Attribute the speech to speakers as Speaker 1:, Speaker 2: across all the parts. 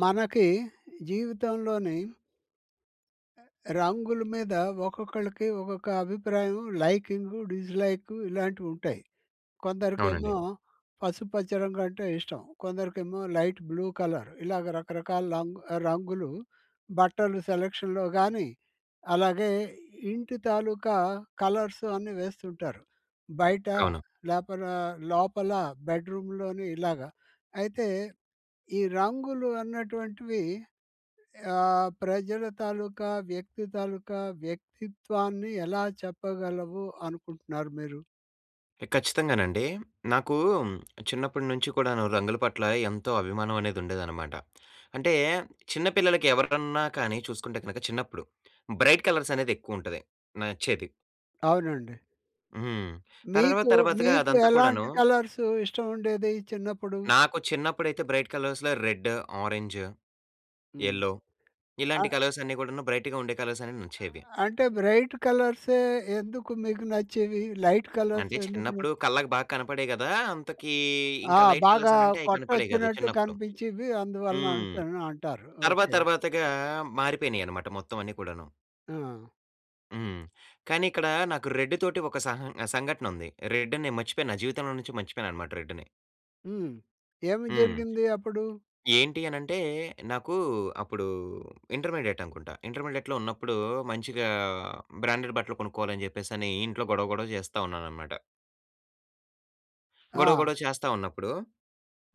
Speaker 1: మనకి జీవితంలోని... రంగుల మీద ఒక్కొక్కళ్ళకి ఒక్కొక్క అభిప్రాయం లైకింగు, డిస్‌లై‌కు ఇలాంటివుంటాయి.
Speaker 2: అవునండి.
Speaker 1: కొందరికేమో పసుపుపచ్చ రంగు అంటే ఇష్టం. కొందరికేమో లైట్ బ్లూ కలర్. ఇలాగ రకరకాల లంగ్ రంగులు, బట్టలు సెలక్షన్‌లో గానీ, అలాగే ఇంటి తాలూకా కలర్సు అన్ని వేస్తుంటారు. బయట,
Speaker 2: అవును.
Speaker 1: లోపలా లోపల బెడ్‍రూమ్‍లోని ఇలాగా. అయితే ఈ రంగులు అన్నటువంటివి ఆహ్, ప్రజల తాలూకా, వ్యక్తి తాలుకా వ్యక్తిత్వాన్ని ఎలా చెప్పగలవు అనుకుంటున్నారు మీరు?
Speaker 2: ఎ ఖచ్చితంగానండీ. నాకూ చిన్నప్పటి నుంచి కూడాను రంగుల పట్ల ఎంతో అభిమానం అనేది ఉండేదనమాట. అంటే చిన్నపిల్లలకి ఎవరికన్నా కానీ చూసుకుంటే కనక చిన్నప్పుడు బ్రైట్ కలర్సనేది ఎక్కువుంటది నచ్చేది.
Speaker 1: అవునండి.
Speaker 2: హ్మ్. తర్వాత
Speaker 1: మీకు
Speaker 2: తర్వాతగా
Speaker 1: మీకు ఎలాంటి
Speaker 2: అదంతా‌కూడానూ
Speaker 1: కలర్సు ఇష్టం ఉండేది చిన్నప్పుడు?
Speaker 2: నాకు చిన్నప్పుడైతే బ్రైట్ కలర్స్‌లో రెడ్, ఆరెంజ్,
Speaker 1: హ్మ్.
Speaker 2: ఎల్లో ఇలాంటి
Speaker 1: ఆహ్
Speaker 2: కలర్సన్నీ‌ గూడానూ బ్రైటుగా ఉండే కలర్సన్నీ నచ్చేవి.
Speaker 1: ఆహ్, అంటే బ్రైట్ కలర్సే ఎందుకు మీకు నచ్చేవి? లైట్ కలర్స్
Speaker 2: అంటే
Speaker 1: ఎందుకు న
Speaker 2: చిన్నప్పుడు కళ్ళకి బా కనపడేయి గదా! అంతకీ
Speaker 1: ఆ!
Speaker 2: ఇంక లైట్ కలర్స్
Speaker 1: బాగా
Speaker 2: అనంటే అయి కనపడేయి గాదు
Speaker 1: కొట్టొచ్చినట్టు
Speaker 2: చిన్నప్పుడు.
Speaker 1: కనిపించీవి. అందువలన
Speaker 2: హ్మ్.
Speaker 1: అనేసనంటారు.
Speaker 2: తర్వాత
Speaker 1: ఓకే.
Speaker 2: తర్వాతగా మారిపోయినియనమాట మొత్తం అన్నీ కూడాను.
Speaker 1: ఆ!
Speaker 2: హ్మ్. కానీ ఇక్కడ నాకు రెడ్ తోటి ఒక సహ సంఘటనుంది. రెడ్ నేను మర్చిపోయాను. నా జీవితంలో నుంచి మర్చిపోయానన్నమాట రెడ్‌ని.
Speaker 1: హ్మ్. ఏమి
Speaker 2: హ్మ్.
Speaker 1: జరిగింది అప్పుడు?
Speaker 2: ఏంటి అనంటే నాకు అప్పుడు ఇంటర్మీడియేట్ అనుకుంటా. ఇంటర్మీడియేట్‌లో ఉన్నప్పుడు మంచిగా బ్రాండెడ్ బట్టలు కొనుక్కోవాలని జెప్పేసనీ ఇంట్లో గొడవ, గొడవ చేస్తా ఉన్నానన్నమాట. గొడవ,
Speaker 1: ఆ!
Speaker 2: గొడవ చేస్తా ఉన్నప్పుడు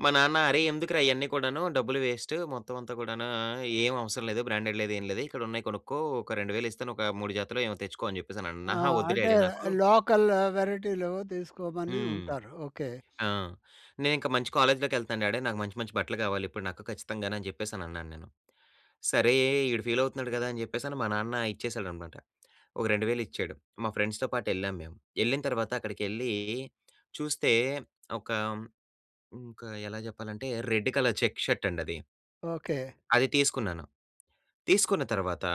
Speaker 2: మా నాన్న "అరే! ఎందుకురా ఇయన్నీ కూడాను డబ్బులు వేస్టు. మొత్తం అంతా కూడాను ఆహ్, ఏమి అవసరం లేదు. బ్రాండెడ్ లేదు ఏమి లేదు ఇక్కడ ఉన్నయి కొనుక్కో. ఒక 2000 ఇస్తాను. ఒక 3 జతలో ఏమో తెచ్చుకో" అని చెప్పేసని అన్న
Speaker 1: ఆ!
Speaker 2: అహా! వద్దు
Speaker 1: అంటే
Speaker 2: డాడీ నాకు
Speaker 1: లోకల్ వేరైటీలు తీసుకోమని
Speaker 2: హ్మ్.
Speaker 1: ఉంటారు. ఓకే.
Speaker 2: ఆ! నేనింక మంచి కాలేజ్‌లోకెళ్తన్నాను డాడీ. నాకు మంచి మంచి బట్టలు కావాలి. ఇప్పుడు నాకు ఖచ్చితంగాను అని చెప్పేసని అన్నా నేను. సరే ఈడు ఫీలవుతున్నాడు గదా అని చెప్పేసని మా నాన్న ఇచ్చేసాడనమాట. ఒక 2000 ఇచ్చాడు. మా ఫ్రెండ్స్‌తో పాటు ఎళ్ళాము మేము. ఎళ్ళిన తర్వాత అక్కడికెళ్ళీ చూస్తే ఒక హ్మ్ ఒక ఎలా జెప్పాలంటే రెడ్ కలర్ చెక్స్ షర్టండి అది.
Speaker 1: ఓకే.
Speaker 2: అది తీసుకున్నాను. తీసుకున్న తర్వాత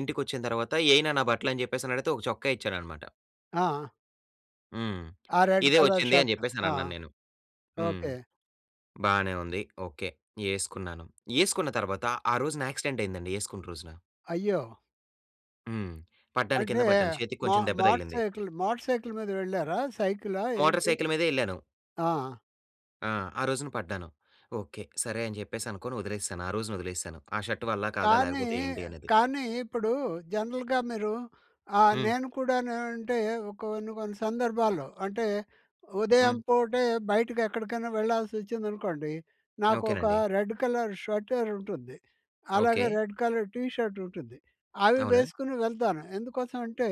Speaker 2: ఇంటికొచ్చిన తర్వాత "ఏయి నాన్న బట్టలు" అని చెప్పేసనడిగితే ఒక చొక్కా ఇచ్చానన్నమాట.
Speaker 1: ఆ!
Speaker 2: హ్మ్.
Speaker 1: ఆ రెడ్
Speaker 2: ఇదే
Speaker 1: కలర్
Speaker 2: వచ్చింది అని
Speaker 1: షర్ట్ ఆ!
Speaker 2: జెప్పేసనన్నాను నేను. హ్మ్.
Speaker 1: ఓకే.
Speaker 2: బానే ఉంది ఓకే. యేసుకున్నాను యేసుకున్న తర్వాత ఆ రోజున యాక్సిడెంట్ అయిందండి యేసుకున్న రోజున.
Speaker 1: అయ్యో!
Speaker 2: హ్మ్. పడ్డాను
Speaker 1: అంటే
Speaker 2: కింద పడ్డాను. చేతికి
Speaker 1: మో
Speaker 2: కొంచెం దెబ్బ
Speaker 1: మోటర్
Speaker 2: తగిలింది.
Speaker 1: సైకిల్, మోటర్ సైకిల్ మీద వెళ్లారా? సైకిలా
Speaker 2: మోటర్
Speaker 1: ఏంటి?
Speaker 2: సైకిల్ మీదే యెళ్ళాను.
Speaker 1: ఆ!
Speaker 2: ఆ! ఆ రోజున పడ్డాను. ఓకే. సరే అని జెప్పేసి అనుకోని వదిలేసాను. ఆ రోజున వదిలేసాను. ఆ షర్ట్ వల్లా? కాదా?
Speaker 1: కానీ,
Speaker 2: లేకపోతే ఏంటి? అనేది.
Speaker 1: కానీ ఇప్పుడు జనరల్‌గా మీరు ఆహ్,
Speaker 2: హ్మ్.
Speaker 1: నేను కూడాను అంటే కొన్ని కొన్ని సందర్భాల్లో అంటే ఉదయం
Speaker 2: హ్మ్.
Speaker 1: పూటే బయటకెక్కడికైనా వెళ్లాల్సొచ్చిందనుకోండి నాకు ఒక
Speaker 2: ఓకేనండి.
Speaker 1: రెడ్ కలర్ స్వెటర్ ఉంటుంది.
Speaker 2: ఓకే.
Speaker 1: అలాగే రెడ్ కలర్ టీ షర్ట్ ఉంటుంది. అవి
Speaker 2: అవునా?
Speaker 1: వేసుకొని వెళ్తాను ఎందుకోసం అంటే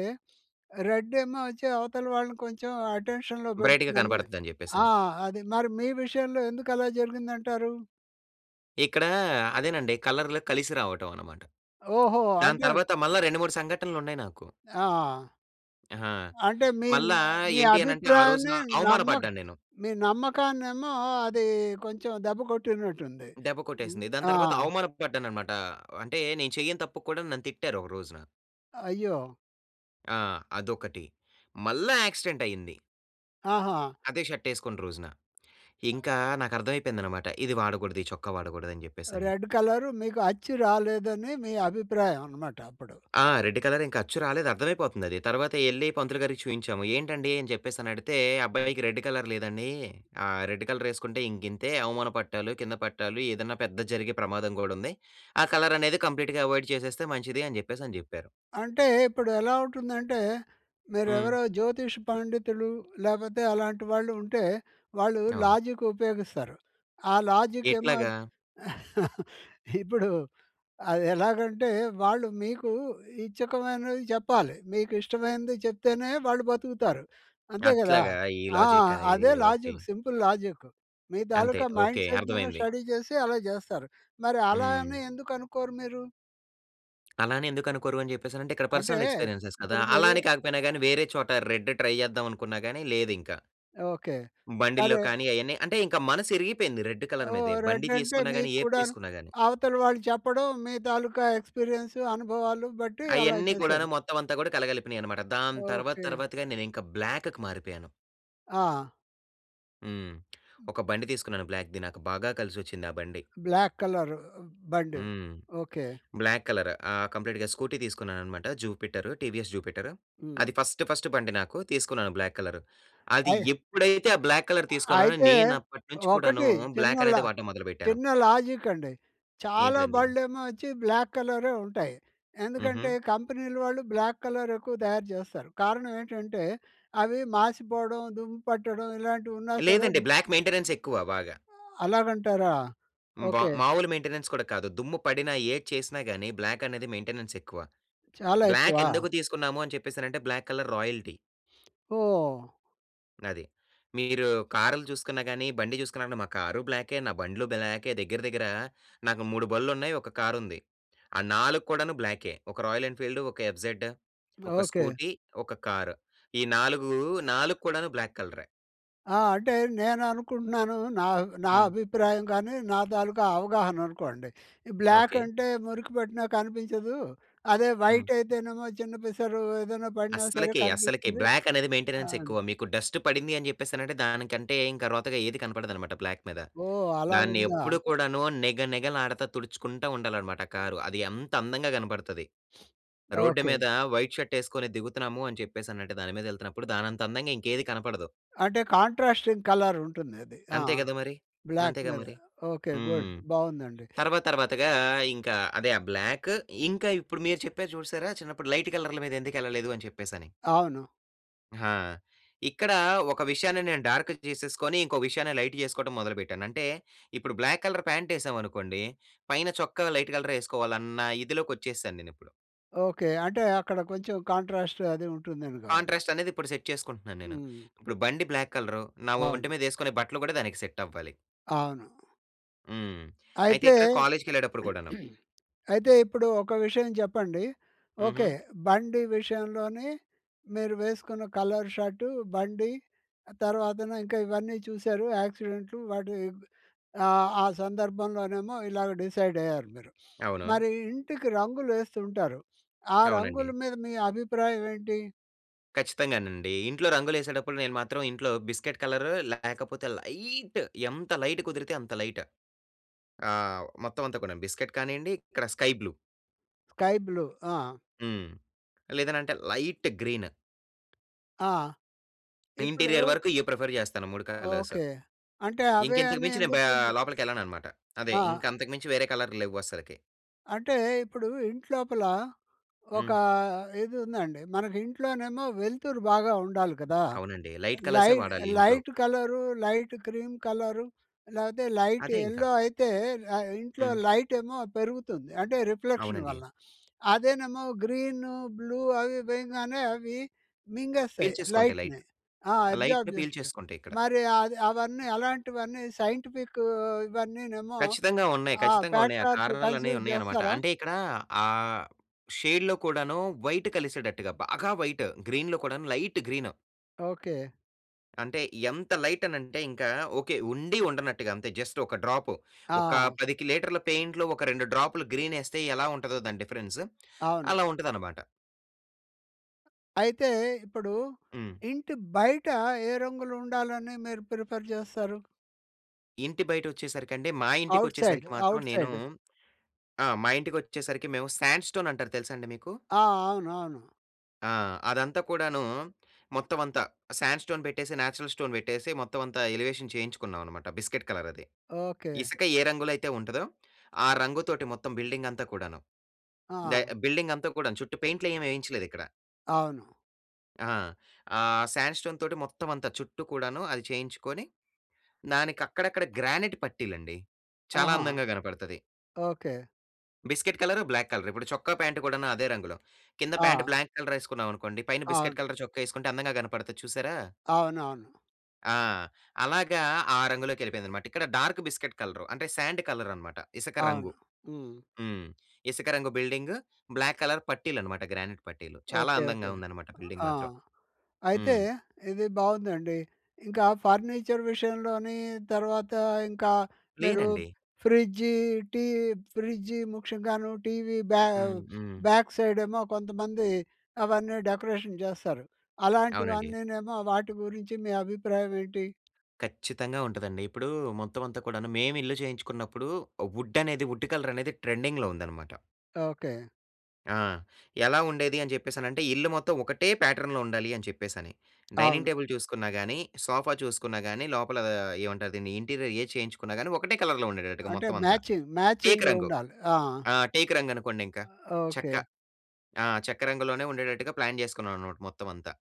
Speaker 1: రెడ్ ఏమో వచ్చి అవతల వాళ్ళని కొంచెం అటెన్షన్‌లో
Speaker 2: బ్రైట్‌గా
Speaker 1: పెడుతుందని.
Speaker 2: కనపడిద్ధని
Speaker 1: ఆ!
Speaker 2: చెప్పేసని.
Speaker 1: అది మరి మీ విషయంలో ఎందుకలా జరిగింది అంటారు?
Speaker 2: ఇక్కడ అదేనండి కలర్లు కలిసి రావటం అన్నమాట.
Speaker 1: ఓహో!
Speaker 2: దాని
Speaker 1: అంటే
Speaker 2: తర్వాత మళ్ళా 2, 3 సంఘటనలున్నాయి నాకు.
Speaker 1: ఆ!
Speaker 2: ఆహా!
Speaker 1: అంటే మీ న
Speaker 2: మళ్ళా
Speaker 1: మీ
Speaker 2: ఏంటి అనంటే ఆ రోజున
Speaker 1: అభిప్రాయాన్ని నమ్మ
Speaker 2: అవమానపడ్డాను నేను.
Speaker 1: మీ నమ్మకాన్నేమో అది కొంచెం దెబ్బ కొట్టినట్టుంది.
Speaker 2: దెబ్బ
Speaker 1: హ్మ్,
Speaker 2: కొట్టేసింది. దాని
Speaker 1: ఆ!
Speaker 2: తర్వాత అవమాన పడ్డానన్నమాట. అంటే నేను చెయ్యని తప్పుకు కూడా నన్ను తిట్టారు ఒక రోజున.
Speaker 1: అయ్యో!
Speaker 2: ఆ! అదొకటి. మళ్ళా యాక్సిడెంట్ అయింది.
Speaker 1: ఆహా!
Speaker 2: అదే షర్ట్ యేసుకున్న రోజున. ఇంకా నాకు అర్థమైపోయిందన్నమాట ఇది వాడగూడదు ఈ చొక్కా వాడగూడదని జెప్పేసని.
Speaker 1: రెడ్ కలరు మీకు అచ్చి రాలేదని మీ అభిప్రాయం అన్నమాట అప్పుడు.
Speaker 2: ఆ! రెడ్ కలర్ ఇంక అచ్చు రాలేదు అర్థమైపోతుందది. తర్వాత యెళ్లి పంతులు గారికి చూయించాము. ఏంటండీ? అని చెప్పేసి అని అడిగితే!
Speaker 1: హ్మ్.
Speaker 2: అబ్బాయికి రెడ్ కలర్ లేదనీ ఆహ్, రెడ్ కలర్ యేసుకుంటే ఇంకింతే అవమాన పట్టాలు, కింద పట్టాలు ఏదన్నా పెద్దది జరిగే ప్రమాదం గూడా ఉంది. ఆ కలర్ అనేది కంప్లీట్‌గా అవాయిడ్ చేసేస్తే మంచిదని జెప్పేసని చెప్పారు.
Speaker 1: అంటే ఇప్పుడెలా ఉంటుందంటే మీరు
Speaker 2: హ్మ్.
Speaker 1: ఎవరో జ్యోతిష్ పండితులు లేపోతే అలాంటి వాళ్ళు ఉంటే వాళ్ళు
Speaker 2: అవును.
Speaker 1: లాజిక్ ఉపయోగిస్తారు. ఆ లాజి‌క్ ఏమో
Speaker 2: ఎట్లాగా?
Speaker 1: ఇప్పుడు అదెలాగంటే వాళ్ళు మీకు ఇచ్చకమైనది చెప్పాలి. మీకు ఇష్టమైనది చెప్తేనే వాళ్ళు బతుకుతారు. అంతే గదా!
Speaker 2: అట్లాగా! ఈ
Speaker 1: ఆ!
Speaker 2: లాజిక్ అనేది.
Speaker 1: అదే
Speaker 2: ఓకే.
Speaker 1: లాజిక్. Simple logic. మీ
Speaker 2: అంతే.
Speaker 1: తాలూకా
Speaker 2: ఓకే.
Speaker 1: మైండ్‌ సెట్‌ను
Speaker 2: అర్థమైంది.
Speaker 1: స్టడీ చేసి అలా చేస్తారు. మరి అలా అని
Speaker 2: హ్మ్.
Speaker 1: ఎందుకనుకోరు మీరు?
Speaker 2: అలా అని ఎందుకు అనుకోరు అని జెప్పేసనంటే? ఇక్కడ
Speaker 1: అంటే
Speaker 2: పర్సనల్ ఎక్స్పీరియ‌న్సెస్ కదా!
Speaker 1: ఇప్పుడు
Speaker 2: అలా
Speaker 1: మీరు
Speaker 2: అని కాకపోయినా గాని వేరే చోట రెడ్ ట్రై జేచేద్దాం అనుకున్నా గాని లేదింక.
Speaker 1: ఓకే.
Speaker 2: బండిల్లో
Speaker 1: సరే.
Speaker 2: కానీ అయన్నీ అంటే ఇంక మనసు ఇరిగిపోయింది రెడ్ కలర్
Speaker 1: ఓహ్!
Speaker 2: మీదే. బండి
Speaker 1: రెడ్ అంటే
Speaker 2: తీసుకున్నా గాని
Speaker 1: మీకు
Speaker 2: ఏది
Speaker 1: కూడా‌ను
Speaker 2: తీసుకున్నా గాని.
Speaker 1: అవతల వాళ్ళు చెప్పడం మీ తాలూక ఎక్స్పీరియ‌న్స్ అనుభవాలు బట్టి అలా
Speaker 2: అయన్నీ
Speaker 1: చేశారు.
Speaker 2: కూడాను మొత్తం అంతా కూడా కలగలిపినయన్నమాట. దాని తర్వాత
Speaker 1: ఓకే.
Speaker 2: తర్వాత‌గా నేను ఇంకా బ్లాక్‌కి మారిపోయాను.
Speaker 1: ఆ!
Speaker 2: హ్మ్.
Speaker 1: హ్మ్.
Speaker 2: ఒక బండి తీసుకున్నాను బ్లాక్‌ది. నాకు బాగా కలిసొచ్చిందా బండి.
Speaker 1: బ్లాక్ కలరు బండి.
Speaker 2: హ్మ్.
Speaker 1: ఓకె.
Speaker 2: Black colour. ఆ! కంప్లీట్‌గా స్కూటీ తీసుకున్నానన్నమాట జుపిటరు. TVS Jupiter. అది
Speaker 1: హ్మ్.
Speaker 2: ఫస్ట్ ఫస్ట్ బండి నాకు తీసుకున్నాను బ్లాక్ కలర్. అది
Speaker 1: అయ్
Speaker 2: ఎప్పుడైతే ఆ బ్లాక్ కలర్
Speaker 1: అ
Speaker 2: తీసుకున్నానో,
Speaker 1: అయితే,
Speaker 2: నేను అప్పటినుంచి కూడాను
Speaker 1: ఒకటి చిన్న లా
Speaker 2: బ్లాకనేదె వాడటం మొదలుపెట్టాను.
Speaker 1: చిన్న లాజికండి. చాలా
Speaker 2: ఏంటిదండి?
Speaker 1: బళ్ళేమో వచ్చి బ్లాక్ కలరే ఉంటాయి. ఎందుకంటే,
Speaker 2: హుహు.
Speaker 1: కంపెనీలు వాళ్ళు బ్లాక్ కలర్ ఎక్కువ తయారు జేస్తారు. కారణం ఏంటంటే అవి మాసిపోవడం, దుమ్ము పట్టడం ఇలాంటివి ఉన్నా సరే ఉ
Speaker 2: లేదండి. బ్లాక్ మెయింటెనెన్స్ ఎక్కువ బాగా.
Speaker 1: అ అలాగంటారా!
Speaker 2: హ్మ్. బా
Speaker 1: ఓకె.
Speaker 2: మామూలు మెయింటెనెన్స్ కూడా కాదు. దుమ్ము పడినా ఏది చేసినా గాని బ్లాకనేది మెయింటెనెన్స్ ఎక్కువ.
Speaker 1: చాలా ఎక్కువా?
Speaker 2: బ్లాకెందుకు తీసుకున్నాము అని చెప్పేసనంటే బ్లాక్ కలర్ రాయల్టీ.
Speaker 1: ఓహ్!
Speaker 2: అది. మీరు కారులు చూసుకున్నా కానీ, బండి చూసుకున్నా అంటే మా కారు బ్లాకే, నా బండ్లు బ్లాకే. దగ్గర దగ్గర నాకు 3 బళ్ళున్నాయి. ఒక కారుంది. ఆ 4 కూడాను బ్లాకే. ఒక రాయల్ ఎన్ఫీల్డూ, ఒక ఎఫ్‌జెడ్, ఒక
Speaker 1: ఓకె.
Speaker 2: స్కూటీ, ఒక కారు. ఈ 4, 4 కూడాను బ్లాక్ కలరే.
Speaker 1: ఆ! అంటే నేననుకుంటున్నాను, నా అబ్ నా
Speaker 2: హ్మ్.
Speaker 1: అభిప్రాయం గానీ, నా తాలూకా అవగాహననుకోండి. ఈ బ్లాక్
Speaker 2: ఓకే.
Speaker 1: అంటే మురికి పట్టిన కనిపించదు. అదే
Speaker 2: హ్మ్.
Speaker 1: వైట్ అయితేనేమో చిన్న పిసరు ఏదైనా పడినా సరే
Speaker 2: అస్సలకె, అస్సలకె
Speaker 1: కనిపిస్తుంది.
Speaker 2: బ్లాక్ అనేది మెయింటెనెన్స్
Speaker 1: ఆహ్
Speaker 2: ఎక్కువ, మీకు డస్ట్ పడింది అని జెప్పేసనంటే, దానికంటే ఇంక రోతగా ఏది కనపడదన్నమాట బ్లాక్ మీద.
Speaker 1: ఓహ్!
Speaker 2: దాన్ని
Speaker 1: అలాగుందా?
Speaker 2: ఎప్పుడు కూడాను నిగ నిగ లాడతా తుడుచుకుంటా ఉండాలన్నమాట కారు. అది అంత అందంగా కనబడతది. Road
Speaker 1: okay.
Speaker 2: మీద వైట్ షర్ట్ ఏసుకొని దిగుతున్నాము అని జెప్పేసనంటె దాని మీద యెళ్తున్నప్పుడు దానంత అందంగా ఇంకేది కనపడదు.
Speaker 1: అంటే కాంట్రాస్టింగ్ కలర్ ఉంటుందది. ఆ!
Speaker 2: అంతే గదా! మరి.
Speaker 1: బ్లాక్
Speaker 2: అంతేగా
Speaker 1: మీద.
Speaker 2: మరి.
Speaker 1: ఓకే. గుడ్
Speaker 2: హ్మ్.
Speaker 1: బావుందండి.
Speaker 2: తర్వాత తర్వాతగా ఇంకా అదే ఆ బ్లాక్ ఇంకా ఇప్పుడు మీరు చెప్పారు చూసారా! చిన్నప్పుడు లైట్ కలర్ల మీద ఎందుకెళ్ళలేదు అని చెప్పేసని.
Speaker 1: అవును.
Speaker 2: హా! ఇక్కడ ఒక విషయాన్ని నేను డా‌ర్క్‌కి జేసేసుకొని, ఇంకో విషయాన్న లైట్ ఏసుకోవడం మొదలుపెట్టాను. అంటే ఇప్పుడు బ్లాక్ కలర్ పాంటేసామనుకోండి, పైన చొక్క లైట్ కలరే వేసుకోవాలన్న ఇదిలోకొచ్చేసాను నేనిప్పుడు.
Speaker 1: ఓకే. అంటే అక్కడ కొంచెం కాంట్రాస్ట్ అది ఉంటుందని గావాలా!
Speaker 2: కాంట్రాస్ట్ అనేది ఇప్పుడు సెట్ చేసుకుంటున్నాను నేను,
Speaker 1: హ్మ్.
Speaker 2: ఇప్పుడు బండి బ్లాక్ కలరు. నా ఒంటి
Speaker 1: అవును.
Speaker 2: మీద వేసుకునే బట్టలు గూడా దానికి సెట్ అవ్వాలి.
Speaker 1: అవును.
Speaker 2: హ్మ్. అయితే
Speaker 1: అయితే
Speaker 2: ఇక్కడ కాలేజీకెళ్ళెటప్పుడు కూడాను.
Speaker 1: అయితే ఇప్పుడు ఒక విషయం చెప్పండి. ఓకే.
Speaker 2: హుహు.
Speaker 1: బండి విషయంలోని మీరు వేసుకున్న కలర్ షర్టు, బండి తర్వాతన ఇంకా ఇవన్నీ చూసారు యాక్సిడెంటులు వాటి ఆహ్, ఆ సందర్భంలోనేమో ఇలాగ డిసైడయ్యారు మీరు.
Speaker 2: అవును.
Speaker 1: మరి ఇంటికి రంగులేస్తుంటారు. ఆ రంగుల
Speaker 2: అవునండి.
Speaker 1: మీద మీ అభిప్రాయం ఏంటి?
Speaker 2: ఖచ్చితంగానండి. ఇంట్లో రంగులేసేటప్పుడు నేను మాత్రం ఇంట్లో బిస్కట్ కలరు లేకపోతే లైట్ ఎంత లైట్ కుదిరితే అంత లైట్. ఆహ్, మొత్తం అంతా కూడాను. బిస్కట్ కానియండి ఇక్కడ స్కై బ్లూ.
Speaker 1: Sky blue. ఆ!
Speaker 2: హ్మ్. లేదనంటే లైట్ గ్రీన్.
Speaker 1: ఆ! ఇప్పుడూ
Speaker 2: ఇంటీరియర్ వరకు ఇయి ప్రిఫర్ చేస్తాను 3 కలర్స్.
Speaker 1: ఓకే. అంటే
Speaker 2: ఇంక
Speaker 1: అవే
Speaker 2: ఇంతకు
Speaker 1: అని
Speaker 2: మించి నేను బ
Speaker 1: ఎందుకు? బ్ల్యూ
Speaker 2: లోపలికెళ్ళననమాట. అదే
Speaker 1: ఆ!
Speaker 2: ఇంక అంతకు మించి వేరే కలరులు లెవ్వు అస్సలకి.
Speaker 1: అంటే ఇప్పుడు ఇంట్లోపల ఒక
Speaker 2: హ్మ్.
Speaker 1: ఇదుందండి. మనకి ఇంట్లోనేమో వెలుతురు బాగా ఉండాలి గదా!
Speaker 2: అవునండి. లైట్
Speaker 1: లై
Speaker 2: కలర్సే వాడాలి ఇంట్లో.
Speaker 1: Light colour light cream colour లేతే లైట్
Speaker 2: అదే ఇంక.
Speaker 1: యెల్లో అయితే ఆహ్, ఇంట్లో
Speaker 2: హ్మ్.
Speaker 1: లైటేమో పెరుగుతుంది అంటే రిఫ్లెక్షన్
Speaker 2: అవునండి.
Speaker 1: వల్ల. అదేనేమో గ్రీను బ్లూ అవి వేయంగానే అవి మింగేస్తాయి
Speaker 2: పీల్చేసుకుంటాయి లైట్.
Speaker 1: లైట్‍ని. ఆ! అబ్జార్బ్
Speaker 2: లైట్‌ని
Speaker 1: జేస్తాయ్.
Speaker 2: పీల్చేసుకుంటాయి ఇక్కడ.
Speaker 1: మరి అది అవన్నీ అలాంటివన్నీ సైంటిఫిక్ ఇవన్నీనేమో
Speaker 2: ఖచ్చితంగా ఉన్నాయి.
Speaker 1: ఆహ్,
Speaker 2: ఖచ్చితంగా ఉన్నాయి. ఆ
Speaker 1: ఫ్యాక్టార్స్
Speaker 2: కారణాలనేవి
Speaker 1: కన్సిడర్
Speaker 2: ఉన్నాయనమాట.
Speaker 1: జేస్తారా?
Speaker 2: అంటే ఇక్కడ ఆ షేడ్‌లో కూడాను వైట్ కలిసేటట్టుగా బాగా వైట్. గ్రీన్‌లో కూడాను లైట్ గ్రీను.
Speaker 1: ఓకే.
Speaker 2: అంటే, ఎంత లైటనంటే ఇంకా, ఓకే, ఉండి ఉండనట్టుగా అంతే. జస్ట్ ఒక డ్రాపు. ఒకా
Speaker 1: ఆ!
Speaker 2: 10కి లీటర్ల పెయింట్‌లో ఒక 2 డ్రాపులు గ్రీనేస్తే ఎలా ఉంటదో దాని డిఫరెన్స్
Speaker 1: అవును.
Speaker 2: అలా ఉంటదనమాట.
Speaker 1: అయితే, ఇప్పుడూ
Speaker 2: హ్మ్.
Speaker 1: ఇంటి బయటా ఏ రంగులుండాలని మీరు ప్రిఫర్ జేస్తారు?
Speaker 2: ఇంటి బయటొచ్చేసరికండి, మా
Speaker 1: అవుట్ సైడ్.
Speaker 2: ఇంటికొచ్చేసరికి మాత్రం
Speaker 1: అవుట్
Speaker 2: నేను
Speaker 1: సైడ్.
Speaker 2: ఆ! మా ఇంటికొచ్చేసరికి మేవు శాండ్ స్టోనంటారు తెలుసా అండి మీకు?
Speaker 1: ఆ! అవును. అవును.
Speaker 2: ఆ! అదంతా కూడానూ మొత్తమంతా శాండ్ స్టోన్ పెట్టేసి, న్యాచురల్ స్టోన్ పెట్టేసి, మొత్తవంతా ఎలివేషన్ చేయించుకున్నావనమాట, బిస్కెట్ కలరది.
Speaker 1: ఓకే.
Speaker 2: ఇసక ఏ రంగులో అయితే ఉంటదో, ఆ రంగుతోటి మొత్తం బిల్డింగంతా కూడాను. దా
Speaker 1: ఆ!
Speaker 2: బిల్డింగంతా కూడాను చుట్టూ పెయింట్‌లేవేయించలేదిక్కడ.
Speaker 1: అవును.
Speaker 2: ఆ! ఆహ్, శాండ్ స్టోన్‌తోటి మొత్తమంతా చుట్టూ కూడాను అది చేయించుకోని, దానికక్కడక్కడ గ్రానైట్ పట్టీలండి. చాలా
Speaker 1: ఆహా!
Speaker 2: అందంగా గనపడతది.
Speaker 1: Okay.
Speaker 2: Biscuit colour, black colour. ఇప్పుడు చొక్కా, ప్యాంటు కూడాను అదే రంగులో. కింద ప్యాంట్
Speaker 1: ఆ!
Speaker 2: బ్లాంక్ కలరేసుకున్నావనుకోండి, పైన బిస్కెట్
Speaker 1: అవును.
Speaker 2: కలర్ చొక్కా యేసుకుంటే, అందంగా కనపడతది చూశారా?
Speaker 1: అవునవును.
Speaker 2: ఆ! అలాగా ఆ రంగులోకెళ్ళిపోయిందన్నమాట. ఇక్కడ డార్క్ బిస్కెట్ కలరు. అంటే సాండ్ కలరన్నమాట. ఇసక
Speaker 1: అవును.
Speaker 2: రంగు.
Speaker 1: హ్మ్.
Speaker 2: హ్మ్. ఇసక రంగు బిల్డింగు. బ్లాక్ కలర్ పట్టీలన్నమాట. గ్రానైట్ పట్టీలు. చాలా
Speaker 1: ఓకే, ఓకే.
Speaker 2: అందంగా ఉందన్నమాట బిల్డింగ్
Speaker 1: ఆ!
Speaker 2: మాత్రం.
Speaker 1: అయితే
Speaker 2: హ్మ్.
Speaker 1: ఇది బావుందండి. ఇంకా ఫర్నిచర్ విషయంలోని తర్వాత ఇంకా మీరు
Speaker 2: లేనండి.
Speaker 1: ఫ్రిడ్జి, టీ ఫ్రిడ్జ్, ముఖ్యంగాను టీవీ బ్యా
Speaker 2: హ్మ్, హ్మ్.
Speaker 1: బ్యాక్ సైడేమో కొంతమంది అవన్నీ డెకరేషన్ జేస్తారు.
Speaker 2: అవునండి.
Speaker 1: అలాంటివన్నీనేమో వాటి గురించి మీ అభిప్రాయం ఏంటి?
Speaker 2: ఖచ్చితంగా ఉంటదండి. ఇప్పుడు మొత్తం అంతా కూడాను. మేమిల్లు చేయించుకున్నప్పుడు వుడనేది వుడ్ కలరనేది ట్రెండింగ్‌లో ఉందన్నమాట.
Speaker 1: ఓకే.
Speaker 2: ఆ! ఎలా ఉండేది అని చెప్పేసనంటే ఇల్లు మొత్తం ఒకటే ప్యాటర్న్‌లో ఉండాలి అని చెప్పేసని. డైనింగ్
Speaker 1: అవును.
Speaker 2: టేబుల్ చూసుకున్నా గాని, సోఫా చూసుకున్నా గాని లోపల ఏమంటారు దీన్ని ఇంటీరియర్ ఏది చేయించుకున్నా కానీ ఒకటే కలర్‌లో ఉండేటట్టుగా
Speaker 1: అంటే
Speaker 2: మొత్తం అంతా.
Speaker 1: మ్యాచింగ్
Speaker 2: టేకు రంగు.
Speaker 1: మ్యాచింగుండాలి. ఆ!
Speaker 2: ఆ! టేకు రంగు అనుకోండి ఇంక.
Speaker 1: ఓకే.
Speaker 2: చెక్క ఆ! చెక్క రంగులోనే ఉండేటట్టుగా ప్లాన్ జేసుకున్నాననమాట మొత్తం అంతా.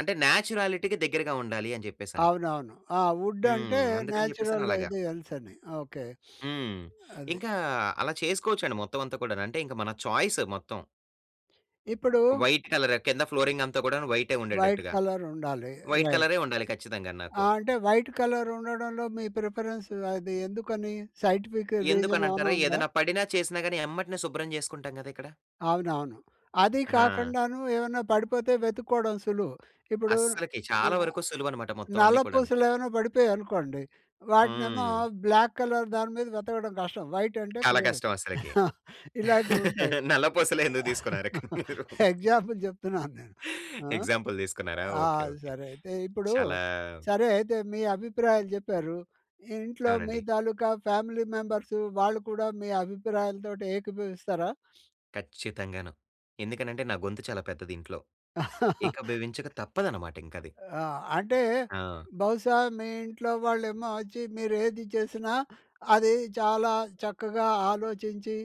Speaker 2: అంటే నేచురాలిటీకి దగ్గరగా ఉండాలి అని చెప్పేసని.
Speaker 1: అవునవును. ఆ!
Speaker 2: హ్మ్.
Speaker 1: వుడంటే
Speaker 2: అందుకని చెప్పేసని
Speaker 1: నేచురల్
Speaker 2: అలాగా.
Speaker 1: ఇదీ ఎల్సని. ఓకే.
Speaker 2: హ్మ్.
Speaker 1: అది.
Speaker 2: ఇంకా అలా చేసుకోవచ్చండి మొత్తం అంతా కూడాను. అంటే ఇంక మన చాయిస్ మొత్తం.
Speaker 1: ఇప్పుడు
Speaker 2: వైట్ కలరా కింద ఫ్లోరింగంతా గూడాను వైటే
Speaker 1: వైట్
Speaker 2: ఉండేటట్టుగా.
Speaker 1: కలరుండాలి
Speaker 2: వైట్
Speaker 1: రైట్.
Speaker 2: కలరే ఉండాలి ఖచ్చితంగా నాకు.
Speaker 1: ఆ! అంటే వైట్ కలరుండడంలో మీ ప్రిఫరెన్స్ అది ఎందుకని? సైంటిఫిక్ రీజనేమన్నా
Speaker 2: ఎందుకనంటారా?
Speaker 1: ఉందా?
Speaker 2: ఏదైనా పడినా చేసినా గాని ఎంబటనే శుభ్రం జేసుకుంటాం గదా! ఇక్కడ.
Speaker 1: అవునవును. అదీ
Speaker 2: ఆ!
Speaker 1: కాకుండాను ఏమన్నా పడిపోతే వెతుక్కోవడం సులువు. ఇప్పుడు
Speaker 2: అస్సలకి. చాలా
Speaker 1: ఆహ్,
Speaker 2: వరకు సులువనమాట. మొత్తం
Speaker 1: నల్ల
Speaker 2: అన్నీ కూడాను.
Speaker 1: పూసలేమన్నా పడిపోయాయనుకోండి. వాటినేమో
Speaker 2: హ్మ్.
Speaker 1: బ్లాక్ కలర్ దాని మీద వెతకడం కష్టం. వైట్ అంటే
Speaker 2: చాలా
Speaker 1: క్లియరు.
Speaker 2: కష్టం అస్సలకి.
Speaker 1: ఇలాంటివుంటాయి.
Speaker 2: నల్ల పూసలె ఎందుకు తీసుకున్నారు కానీ మీరు?
Speaker 1: ఎగ్జాంపుల్ చెప్తున్నాను నేను. ఆ!
Speaker 2: ఎగ్సాపుల్ తీసుకున్నారా?
Speaker 1: ఆ!
Speaker 2: ఓకే. ఓకే.
Speaker 1: సరే అయితే. ఇప్పుడు
Speaker 2: చాలా
Speaker 1: సరే, అయితే మీ అభిప్రాయాలు చెప్పారు. ఇంట్లో మీ
Speaker 2: అవునండి.
Speaker 1: తాలూకా ఫ్యామిలీ మెంబర్స్ వాళ్ళు కూడా మీ అభిప్రాయాలతోటి ఏకీభవిస్తారా?
Speaker 2: ఖచ్చితంగాను. ఎందుకనంటే నా గొంతు చాలా పెద్దది ఇంట్లో. ఏకీభవించక తప్పదన్నమాట ఇంకది.
Speaker 1: ఆ! అంటే
Speaker 2: ఆ!
Speaker 1: బహుశా మీ ఇంట్లో వాళ్ళేమొచ్చి, మీరేది చేసినా అది చాలా చక్కగా ఆలోచించి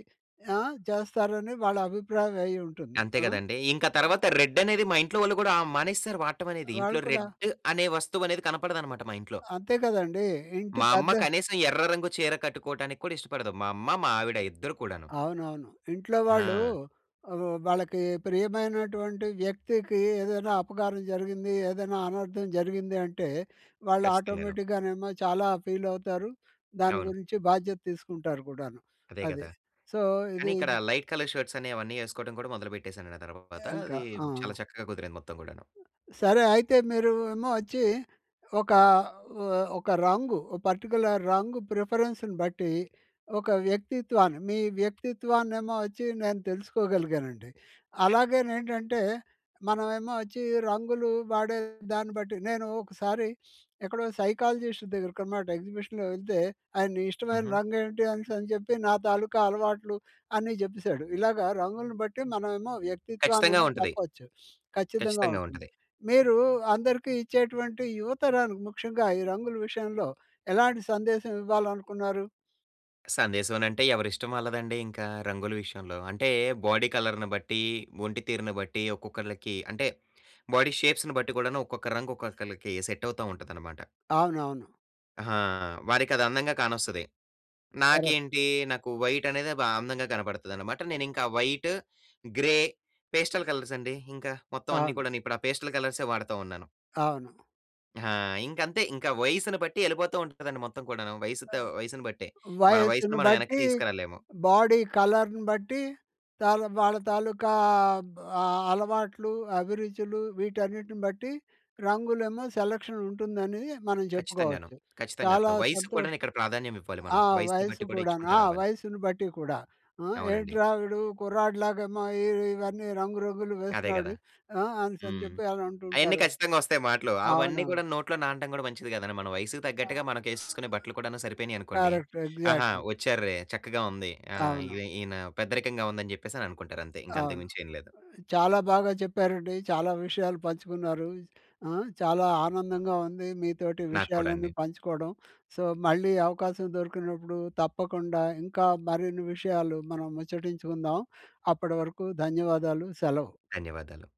Speaker 1: ఆ! చేస్తారని వాళ్ళ అభిప్రాయం అయ్యుంటుంది.
Speaker 2: అంతే
Speaker 1: ఆ!
Speaker 2: గదండీ! ఇంక తర్వాత రెడ్డనేది మా ఇంట్లో వాళ్ళు గూడా ఆహ్, మానేసారు వాడటమనేది.
Speaker 1: వాళ్ళు
Speaker 2: ఇంట్లో
Speaker 1: కూడా
Speaker 2: రెడ్ అనే వస్తువనేది కనపడదన్నమాట మా ఇంట్లో.
Speaker 1: అంతే కదండీ! ఇంటి
Speaker 2: మా అమ్మ
Speaker 1: పెద్ద
Speaker 2: కనీసం ఎర్ర రంగు చీర కట్టుకోవడానికి కూడా ఇష్టపడదు. మా అమ్మ. మా ఆవిడ ఇద్దరు కూడాను.
Speaker 1: అవునవును. ఇంట్లో వాళ్ళు
Speaker 2: ఆ!
Speaker 1: ఆహ్, వాళ్ళకి ప్రియమైనటువంటి వ్యక్తికి ఏదైనా అపకారం జరిగింది, ఏదైనా అనర్థం జరిగింది. అంటే వాళ్ళు
Speaker 2: ఖచ్చితంగాను.
Speaker 1: ఆటోమేటిక్‌గానేమో చాలా ఫీలవుతారు. దాని
Speaker 2: అవును.
Speaker 1: గురించి బాధ్యత తీసుకుంటారు కూడాను
Speaker 2: అదే
Speaker 1: అది.
Speaker 2: గదా!
Speaker 1: సో, ఇది
Speaker 2: కానీ ఇక్కడ
Speaker 1: ఇది
Speaker 2: లైట్ కలర్ షర్ట్సనేవన్నీ యేసుకోవడం కూడా మొదలు పెట్టేసానుండి ఆ తర్వాత.
Speaker 1: ఇంకా.
Speaker 2: అది
Speaker 1: ఆ!
Speaker 2: చాలా చక్కగా కుదిరింది మొత్తం గూడాను.
Speaker 1: సరే. అయితే మీరు ఏమొచ్చి ఒక ఆహ్, ఒక రంగు ఓ పర్టిక్యులర్ రంగు ప్రిఫరెన్స్‌ను బట్టి, ఒక వ్యక్తిత్వాన్ని మీ వ్యక్తిత్వాన్నేమొచ్చి నేను తెలుసుకోగలిగానండి. అలాగేనేంటంటే, మనమేమొచ్చి రంగులు వాడే దాన్ని బట్టి నేను ఒకసారి ఎక్కడో సైకాలజిస్ట్ దగ్గరకన్నమాట ఎగ్జిబిషన్‌లో యెళ్తే, ఆయన ఇష్టమైన
Speaker 2: హుహు.
Speaker 1: రంగు ఏంటి అనేసి అని చెప్పి నా తాలూకా అలవాట్లు అన్ని జెప్పేసాడు. ఇలాగా రంగులను బట్టి మనమేమో
Speaker 2: ఖచ్చితంగా
Speaker 1: వ్యక్తిత్వాన్నేమో
Speaker 2: ఉంటది.
Speaker 1: చెప్పొచ్చు. ఖచ్చితంగా
Speaker 2: ఖచ్చితంగా
Speaker 1: ఉంటుంది.
Speaker 2: ఉంటది.
Speaker 1: మీరు అందరికీ ఇచ్చేటువంటి యువతరానికి ముఖ్యంగా ఈ రంగుల విషయంలో ఎలాంటి సందేశం ఇవ్వాలనుకున్నారు?
Speaker 2: సందేశవనంటే ఎవరిష్టం వాళ్ళదండీ ఇంకా రంగుల విషయంలో. అంటే, బాడీ కలర్‌ని బట్టీ, ఒంటి తీరును బట్టీ, ఒక్కొక్కళ్ళకి అంటే, బాడీ షేప్స్‌ని బట్టి గూడాను, ఒక్కొక్క రంగు ఒక్కొక్కళ్ళకి సెట్టవుతా ఉంటదనమాట.
Speaker 1: అవునవును.
Speaker 2: అహా! వారికదందంగా కానొస్తది.
Speaker 1: కరెక్టు.
Speaker 2: నాకేంటీ, నాకు వైటనేదే బా అందంగా కనపడతదనమాట. నేనింకా వైటు, గ్రే, పేస్టల్ కలర్సండి ఇంక మొత్తవన్నీ
Speaker 1: అవును.
Speaker 2: కూడాను. ఇప్పుడా పేస్టల్ కలర్స్ వాడతా ఉన్నాను.
Speaker 1: అవును.
Speaker 2: ఆ! ఇంకంతే. ఇంకా వయసును బట్టి యెళ్ళిపోతా ఉంటదండి మొత్తం కూడాను.
Speaker 1: ఆ!
Speaker 2: వయసు‌తో వయసును బట్టే. మన
Speaker 1: వయసును
Speaker 2: వయసుని మనం యెనక్కి
Speaker 1: బట్టీ,
Speaker 2: తీసుకురాలేము.
Speaker 1: బాడీ కలర్‌ను బట్టి, తాల వాళ్ళ తాలూకా బ్ ఆహ్, అలవాట్లు, అభిరుచులు వీటన్నిటిని బట్టి రంగులేమో సెలక్షనుంటుందనీ మనం
Speaker 2: ఖచ్చితంగాను.
Speaker 1: జెప్పుకోవచ్చు. చాలా
Speaker 2: ఖచ్చితంగాను. వయసుకు కూడాను
Speaker 1: సంతోషం
Speaker 2: ఇక్కడ ప్రాధాన్యమివ్వాలి మనం.
Speaker 1: ఆ!
Speaker 2: వయసును
Speaker 1: వయస్సు
Speaker 2: బట్టి కూడా
Speaker 1: కూడాను.
Speaker 2: ఇచ్చుకుంటూ
Speaker 1: ఆ!
Speaker 2: రావాలి.
Speaker 1: వయస్సును బట్టి కూడా. ఆ!
Speaker 2: అవునండి.
Speaker 1: ఏంట్రా వీడు కుర్రాడిలాగేమో ఈ ఇవన్నీ రంగురంగులు
Speaker 2: అదే
Speaker 1: వేస్తున్నాడు.
Speaker 2: గదా!
Speaker 1: ఆ! అనేసని
Speaker 2: హ్మ్.
Speaker 1: జెప్పి
Speaker 2: అయన్నీ
Speaker 1: అనంటుంటారు.
Speaker 2: ఖచ్చితంగొస్తయి మాటలు. అవన్నీ
Speaker 1: అవునవును.
Speaker 2: కూడాను నోట్లో నానటం గూడా మంచిది కాదండి. మన వయసుకు తగ్గట్టుగా
Speaker 1: ఆహ్,
Speaker 2: మనకేసేసుకునే బట్టలు కూడాను సరిపోయినియనుకోండి,
Speaker 1: కరక్ట్.
Speaker 2: ఆహా!
Speaker 1: ఎగ్జాక్ట్‌లీ.
Speaker 2: ఒచ్చార్రే. చక్కగా ఉంది. ఆ! ఈన
Speaker 1: అవును.
Speaker 2: ఈన పెద్దరికంగా ఉందని చెప్పేసననుకుంటారంతే. ఇంకంతకు
Speaker 1: అవును.
Speaker 2: మించేం లేదు.
Speaker 1: చాలా బాగా చెప్పారండి. చాలా విషయాలు పంచుకున్నారూ. ఆ! చాలా ఆనందంగా ఉంది మీతోటి
Speaker 2: నాకు కూడా అండి.
Speaker 1: విషయాలన్నీ పంచుకోడం. సో, మళ్ళీ అవకాశం దొరికినప్పుడు, తప్పకుండా ఇంకా మరిన్ని విషయాలు మనం ముచ్చటించుకుందాం. అప్పటి వరకు ధన్యవాదాలు. సెలవు.
Speaker 2: ధన్యవాదాలు.